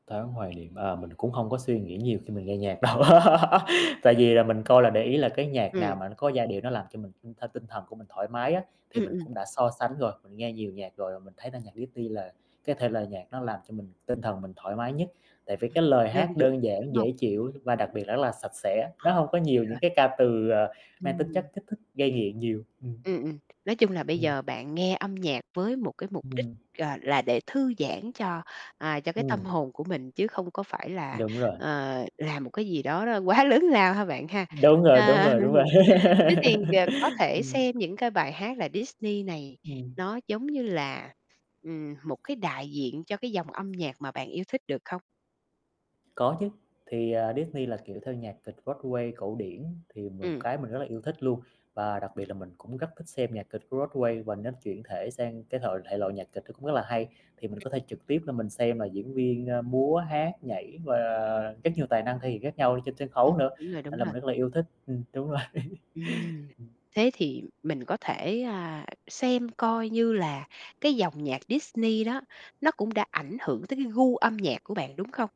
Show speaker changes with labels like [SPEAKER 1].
[SPEAKER 1] Tháng hoài niệm, ờ, mình cũng hông có suy nghĩ nhiều khi mình nghe nhạc đâu. Tại vì là mình coi là để ý là cái nhạc nào
[SPEAKER 2] Ừm.
[SPEAKER 1] mà nó có giai điệu nó làm cho mình t tinh thần của mình thoải mái á, thì
[SPEAKER 2] Ừm,
[SPEAKER 1] mình
[SPEAKER 2] ừm.
[SPEAKER 1] cũng đã so sánh rồi, mình nghe nhiều nhạc rồi, và mình thấy là nhạc Disney là cái thể loại nhạc nó làm cho mình tinh thần mình thoải mái nhất, tại vì cái lời
[SPEAKER 2] Đơn
[SPEAKER 1] hát
[SPEAKER 2] giản,
[SPEAKER 1] đơn
[SPEAKER 2] đúng
[SPEAKER 1] giản,
[SPEAKER 2] hông?
[SPEAKER 1] dễ chịu và đặc biệt là rất là sạch sẽ,
[SPEAKER 2] Ờ,
[SPEAKER 1] nó hông có
[SPEAKER 2] hiểu
[SPEAKER 1] nhiều những
[SPEAKER 2] rồi.
[SPEAKER 1] cái ca từ, ờ, mang tính chất
[SPEAKER 2] Ừm.
[SPEAKER 1] kích thích, gây nghiện nhiều, ừm.
[SPEAKER 2] Ừm, ừm. Nói chung là bây
[SPEAKER 1] Ừm.
[SPEAKER 2] giờ bạn nghe âm nhạc với một cái mục đích,
[SPEAKER 1] Ừm.
[SPEAKER 2] à, là để thư giãn cho, à, cho cái tâm
[SPEAKER 1] Ừm.
[SPEAKER 2] hồn của mình chứ không có phải là,
[SPEAKER 1] Đúng rồi.
[SPEAKER 2] ờ, làm một cái gì đó nó quá lớn lao ha bạn ha.
[SPEAKER 1] Đúng rồi, đúng rồi, đúng rồi.
[SPEAKER 2] Thế thì, ờ, có thể
[SPEAKER 1] Ừm.
[SPEAKER 2] xem những cái bài hát là Disney này,
[SPEAKER 1] Ừm.
[SPEAKER 2] nó giống như là, ừm, một cái đại diện cho cái dòng âm nhạc mà bạn yêu thích được không?
[SPEAKER 1] Có chứ. Thì, à, Disney là, kiểu, theo nhạc kịch Broadway cổ điển, thì một
[SPEAKER 2] Ừm.
[SPEAKER 1] cái mình rất là yêu thích luôn, và đặc biệt là mình cũng rất thích xem nhạc kịch của Broadway, và nó chuyển thể sang cái thoại thể loại nhạc kịch nó cũng rất là hay, thì mình có thể trực tiếp, ơ, mình xem là diễn viên, ơ, múa hát, nhảy và rất nhiều tài năng thể hiện khác nhau ở trên sân khấu
[SPEAKER 2] Ừm,
[SPEAKER 1] nữa,
[SPEAKER 2] đúng rồi,
[SPEAKER 1] nên
[SPEAKER 2] đúng
[SPEAKER 1] là mình
[SPEAKER 2] rồi.
[SPEAKER 1] rất là yêu thích, ừm, đúng rồi.
[SPEAKER 2] Ừm. Thế thì mình có thể, a, xem coi như là cái dòng nhạc Disney đó nó cũng đã ảnh hưởng tới cái gu âm nhạc của bạn, đúng không?